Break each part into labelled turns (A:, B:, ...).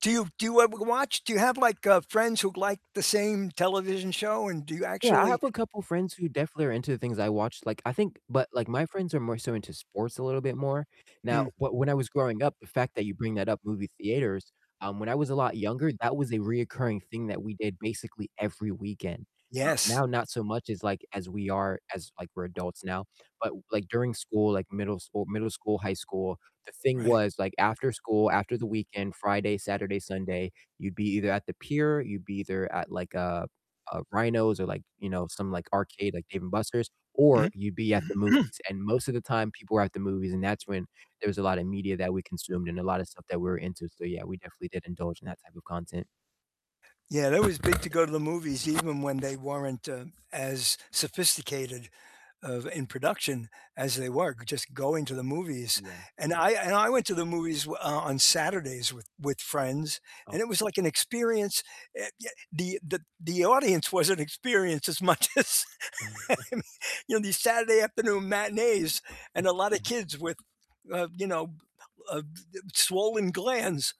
A: Do you do you, uh, watch, do you have, like, uh, friends who like the same television show, and do you
B: Yeah, I
A: actually
B: have a couple friends who definitely are into the things I watch. Like, I think, but, like, my friends are more so into sports a little bit more. Now,
A: Mm.
B: but, when I was growing up, the fact that you bring that up, movie theaters, um, when I was a lot younger, that was a reoccurring thing that we did basically every weekend. Uh,
A: Yes.
B: now not so much as, like, as we are as, like, we're adults now. But, like, during school, like, middle school middle school, high school, the thing
A: Right.
B: was, like, after school, after the weekend, Friday, Saturday, Sunday, you'd be either at the pier, you'd be either at, like, a a Rhinos or, like, you know, some, like, arcade, like, Dave& Buster's, or
A: Mhm.
B: you'd be at the movies, and most of the time, people were at the movies, and that's when there was a lot of media that we consumed and a lotta stuff that we were into. So, yeah, we definitely did indulge in that type of content.
A: Yeah, that was big to go to the movies even when they weren't, uh, as sophisticated of, in production as they were. Just going to the movies,
B: Yeah.
A: and I and I went to the movies w uh, on Saturdays with with friends,
B: Okay.
A: and it was, like, an experience. Uh, y the the the audience was an experience as much as you know, these Saturday afternoon matinees and
B: [unintelligible]
A: a lotta
B: Yeah.
A: kids with, uh, you know, uh, swollen glands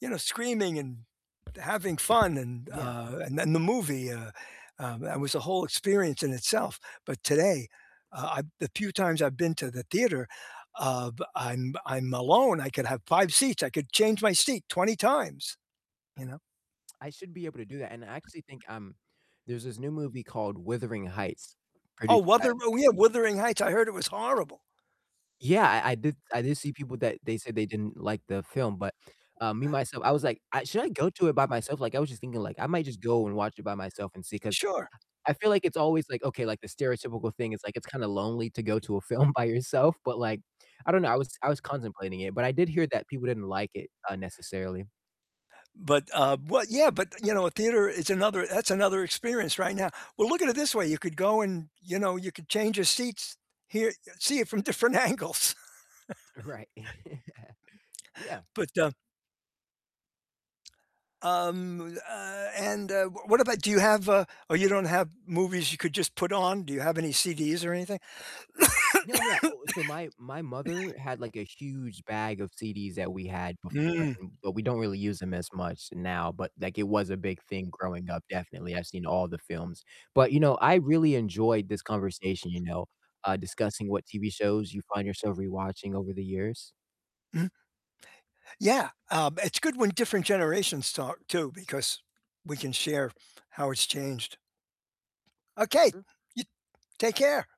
A: you know, screaming and having fun and,
B: Yeah.
A: uh, and then the movie, uh, um, that was a whole experience in itself. But, today, uh, I the few times I've been to the theater, uh, I'm I'm alone. I could have 5 seats. I could change my seat 20 times, you know?
B: I should be able to do that, and I actually think, um, there's this new movie called Wuthering Heights
A: Oh,
B: produced by
A: Wuther oh, yeah, Wuthering Heights. I heard it was horrible.
B: Yeah, I I did I did see people that they said they didn't like the film, but, um, me, myself I was, like, "I should I go to it by myself?" Like, I was just thinking, like, I might just go and watch it by myself and see, 'cause
A: Sure.
B: I feel like it's always, like, okay, like, the stereotypical thing is, like, it's kinda lonely to go to a film by yourself, but, like, I don't know. I was I was contemplating it, but I did hear that people didn't like it, uh, necessarily.
A: But, uh well, yeah, but, you know, a theater is another that's another experience right now. Well, look at it this way. You could go and, you know, you could change your seats. Hear, see it from different angles.
B: Right. Yeah.
A: But, um um, uh, and, uh, w what about do you have a oh, you don't have movies you could just put on? Do you have any CDs or anything?
B: No, yeah, oh, so my my mother had, like, a huge bag of CDs that we had before,
A: Mm.
B: and, but, we don't really use them as much now, but, like, it was a big thing growing up, definitely. I've seen all the films, but, you know, I really enjoyed this conversation, you know, uh, discussing what TV shows you find yourself rewatching over the years.
A: Mhm. Yeah, um, it's good when different generations talk too, because we can share how it's changed. Okay.
B: Mm
A: Y take care.